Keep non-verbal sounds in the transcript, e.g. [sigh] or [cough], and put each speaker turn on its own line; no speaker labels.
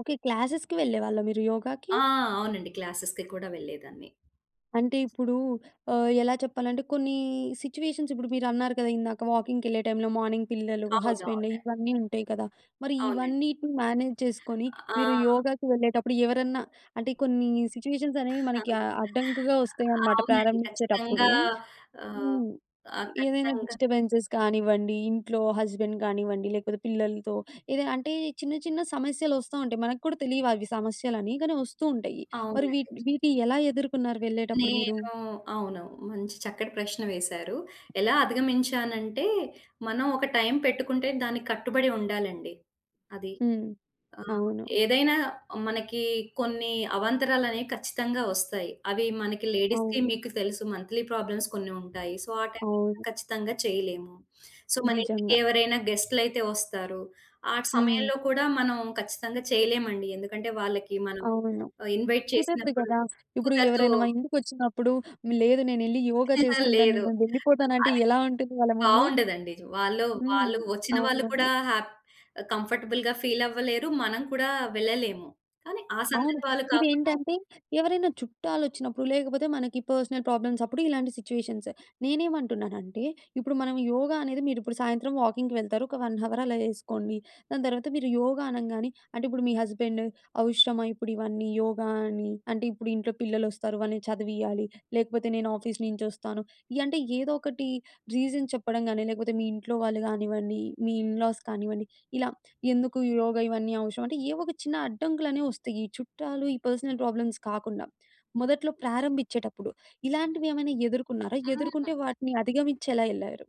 Okay. క్లాసెస్‌కి వెళ్ళేవాళ్ళా మీరు యోగాకి?
ఆ! అవునండి. క్లాసెస్‌కి కూడా వెళ్ళేదాన్ని.
అంటే, ఇప్పుడూ ఆహ్, ఎలా చెప్పాలంటే కొన్నీ సిచ్యువేషన్స్, ఇప్పుడు మీరన్నారు కదా! ఇందాక, వాకింగ్‌కెళ్ళే టైమ్‌లో, మార్నింగ్ పిల్లలు, హస్బెండు,
అవునవును.
ఇవన్నీ ఉంటాయి కదా! మరి
అవునండి.
ఇవన్నీటిని మేనేజ్ చేసుకొని,
ఆ!
మీరు
ఆ!
యోగాకి వెళ్ళేటప్పుడు ఎవరన్నా అంటే, కొన్నీ సిచ్యువేషన్సనేవి మనకి ఆహ్,
[giggles]
అడ్డంకుగా ఒస్తాయనమాట
అవునండి.
ప్రారంభిచ్చేటప్పుడు.
ఖచ్చితంగా. ఆహ్,
హ్మ్.
ఆహ్,
ఏదైనా
ఖచ్చితంగా
డిస్టర్బెన్సెస్ కానివ్వండి, ఇంట్లో హస్బెండ్ గానివ్వండి, లేకపోతే పిల్లలతో ఏదైనా, అంటే, చిన్న చిన్న సమస్యలొస్తా ఉంటాయి. మనకు కూడా తెలీవవి సమస్యలని, కానీ ఒస్తూ ఉంటయ్యి. మరి
అవునండి.
వీటిని వీటియి ఎలా ఎదుర్కున్నారు వెళ్ళేటప్పుడు మీరు?
నేనూ అవును. మంచి చక్కటి ప్రశ్న వేశారు. ఎలా అధిగమించానంటే, మనం ఒక టైమ్ పెట్టుకుంటే దానికి కట్టుబడి ఉండాలండి. అది.
హ్మ్.
ఆహ్,
అవును.
ఏదైనా మనకీ కొన్నీ అవాంతరాలనేయి ఖచ్చితంగా ఒస్తాయి. అవి మనకి లేడీస్‌కి
అవును.
మీకు తెలుసు, మంత్లీ ప్రాబ్లమ్స్ కొన్ని ఉంటాయి. సో, ఆ టైమ్‌లో
అవును.
ఖచ్చితంగా చెయ్యలేము. సో,
నిజంగా.
మనింటికెవరైనా గెస్ట్‌లైతే ఒస్తారు. ఆ
హ్మ్.
సమయంలో కూడా మనం ఖచ్చితంగా చెయలేమండి. ఎందుకంటే, వాళ్ళకి మనం
అవును.
ఆహ్, ఇన్వైట్
కుదరదు
చేసినప్పుడు
గదా! ఇప్పుడు
కుదరదూ
ఎవరైనా మా ఇంటికొచ్చినప్పుడు, లేదు నేనెళ్ళి యోగా
[giggles]
చేసుకుంటాను,
లేదు.
నేను వెళ్ళిపోతానంటే
అదీ
ఎలా ఉంటుంది వాళ్ళ ముందు.
బావుండదండి. జ్ వాళ్ళు,
హ్మ్.
వాళ్ళు ఒచ్చిన వాళ్ళు కూడా
అవును.
హ్యాప్ ఆహ్, కంఫర్టబుల్‌గా ఫీలవ్వలేరు. మనం కూడా వెళ్ళలేము, కానీ ఆ
అవును.
సందర్భాలు కాకుండా
ఇదేంటంటే, ఎవరైనా చుట్టాలొచ్చినప్పుడు, లేకపోతే మనకి పర్సనల్ ప్రాబ్లమ్సప్పుడు ఇలాంటి సిచ్యువేషన్స్. నేనేమంటున్నానంటే, ఇప్పుడు మనం యోగా అనేది మీరిప్పుడు సాయంత్రం వాకింగ్‌కి వెళ్తారు. ఒక 1 హవర్ అలా యేసుకోండి. దాని తర్వాత మీరు యోగా అనంగానే అంటే, ఇప్పుడు మీ హస్బెండు అవసరమా ఇప్పుడివన్నీ యోగా అని? అంటే, ఇప్పుడు ఇంట్లో పిల్లలొస్తారు, వాళ్ళని చదివియ్యాలి, లేకపోతే నేను ఆఫీస్ నించొస్తాను, యంటే, ఏదోకటి రీజన్ చెప్పడం గానీ, లేకపోతే మీ ఇంట్లో వాళ్ళు గానివ్వండి, మీ ఇన్ లాస్ కానివ్వండి, ఇలా ఎందుకు ఈ యోగా, ఇవన్నీ అవసరమంటే, ఏవొక చిన్న అడ్డంకులనేవొస్తయి, ఈ చుట్టాలు, ఈ పర్సనల్ ప్రాబ్లమ్స్ కాకుండా,
హ్మ్.
మొదట్లో ప్రారంభించేటప్పుడు, ఇలాంటివే ఏమైనా ఎదుర్కున్నారా?
అ!
ఎదుర్కొంటే
ఆ!
వాటిని అధిగమిచ్చెలా యెళ్ళారు?